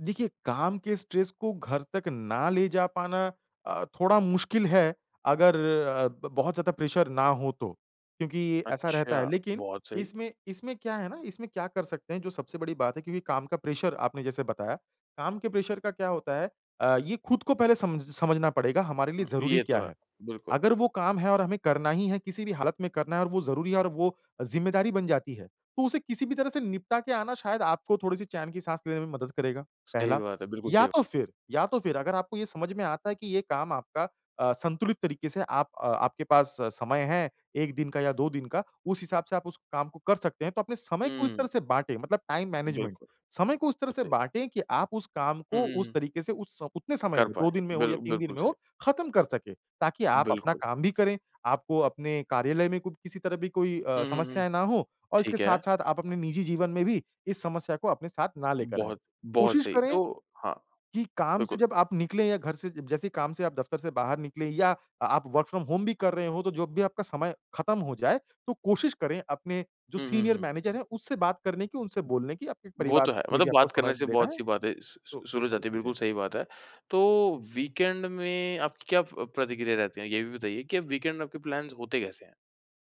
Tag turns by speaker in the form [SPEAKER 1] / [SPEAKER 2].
[SPEAKER 1] देखिए, काम के स्ट्रेस को घर तक ना ले जा पाना अ, थोड़ा मुश्किल है, अगर अ, ब बहुत ज़्यादा प्रेशर ना हो तो। क्योंकि ऐसा रहता है,
[SPEAKER 2] अच्छा,
[SPEAKER 1] लेकिन
[SPEAKER 2] बहुत सही।
[SPEAKER 1] इसमें इसमें क्या है ना इसमें क्या कर सकते हैं जो सबसे बड़ी बात है क्योंकि काम का प्रेशर आपने जैसे बताया, काम के प्रेशर का क्या होता है? अ, ये खुद को पहले समझ समझना पड़ेगा हमारे
[SPEAKER 2] उ
[SPEAKER 1] लिए ज़रूरी
[SPEAKER 2] ये
[SPEAKER 1] क्या
[SPEAKER 2] तो है,
[SPEAKER 1] है।
[SPEAKER 2] बिल्कुल।
[SPEAKER 1] अगर वो काम है और हमें करना ही है किसी भी हालत में करना है और वो ज़रूरी है और वो ज़िम्मेदारी बन जाती है, तो उसे किसी भी तरह से निपटा के आना शायद आपको थोड़ी-सी चैन की सांस लेने में मदद करेगा,
[SPEAKER 2] सही
[SPEAKER 1] पहला,
[SPEAKER 2] बात है, बिल्कुल, सही
[SPEAKER 1] या
[SPEAKER 2] बा
[SPEAKER 1] तो फिर या तो फिर अगर आपको ये समझ में आता है कि ये काम आपका अ, संतुलित तरीके से आप अ आपके पास समय है 1 दिन का या 2 दिन का, उस हिसाब से आप उस काम को कर सकते हैं, तो अपने समय को इस तरह
[SPEAKER 2] हुँ।
[SPEAKER 1] से बाँटे मतलब टाइम मैनेजमेंट।
[SPEAKER 2] बिल्कुल,
[SPEAKER 1] समय को इस तरह
[SPEAKER 2] बिल्कुल
[SPEAKER 1] से
[SPEAKER 2] सही।
[SPEAKER 1] बाँटे कि आप उस काम
[SPEAKER 2] हुँ,
[SPEAKER 1] को
[SPEAKER 2] हुँ,
[SPEAKER 1] उस
[SPEAKER 2] हुँ।
[SPEAKER 1] तरीके से उस उतने समय
[SPEAKER 2] कर
[SPEAKER 1] में
[SPEAKER 2] पाएँ,
[SPEAKER 1] 2 दिन में हो
[SPEAKER 2] बिल
[SPEAKER 1] या 3 दिन
[SPEAKER 2] बिल्कुल
[SPEAKER 1] में हो
[SPEAKER 2] सही।
[SPEAKER 1] खत्म कर सकें। ताकि आप अपना
[SPEAKER 2] बिल्कुल।
[SPEAKER 1] काम भी करें, आपको अपने कार्यालय में क किसी तरह भी कोई अ,
[SPEAKER 2] हुँ, हुँ, हुँ,
[SPEAKER 1] समस्याएँ ना हो और इसके
[SPEAKER 2] ठीक है।
[SPEAKER 1] साथ-साथ आप अपने निजी जीवन में भी इस समस्या को अपने साथ ना लेकर आएँ।
[SPEAKER 2] बहुत बहुत
[SPEAKER 1] कोशिश
[SPEAKER 2] सही,
[SPEAKER 1] करें
[SPEAKER 2] तो हाँ,
[SPEAKER 1] कि काम से
[SPEAKER 2] बिल्कुल।
[SPEAKER 1] जब आप निकलें या घर से अ, जैसे ही काम से आप दफ्तर से बाहर निकले या अ आप वर्क फ्रॉम होम भी कर रहे हों तो जब भी आपका समय खत्म हो जाए तो कोशिश करें अपने जो
[SPEAKER 2] हुँ, हुँ,
[SPEAKER 1] सीनियर
[SPEAKER 2] हुँ।
[SPEAKER 1] मैनेजर है उससे बात करने की उनसे बोलने की आपके
[SPEAKER 2] वो तो
[SPEAKER 1] परिवार
[SPEAKER 2] है,
[SPEAKER 1] में
[SPEAKER 2] मतलब
[SPEAKER 1] भी आपको
[SPEAKER 2] बात करने
[SPEAKER 1] समय
[SPEAKER 2] से
[SPEAKER 1] लेना
[SPEAKER 2] बहुत
[SPEAKER 1] है।
[SPEAKER 2] सी बातें स
[SPEAKER 1] तो
[SPEAKER 2] स
[SPEAKER 1] ये
[SPEAKER 2] शुरू हो
[SPEAKER 1] सारी
[SPEAKER 2] जाती है,
[SPEAKER 1] चीज़ें
[SPEAKER 2] बिल्कुल
[SPEAKER 1] हैं।
[SPEAKER 2] सही बात है। तो वीकेंड में आपकी क्या प प्रतिक्रिया रहती है? ये भी बताइए कि वीकेंड में आपके प्लान्स होते कैसे हैं?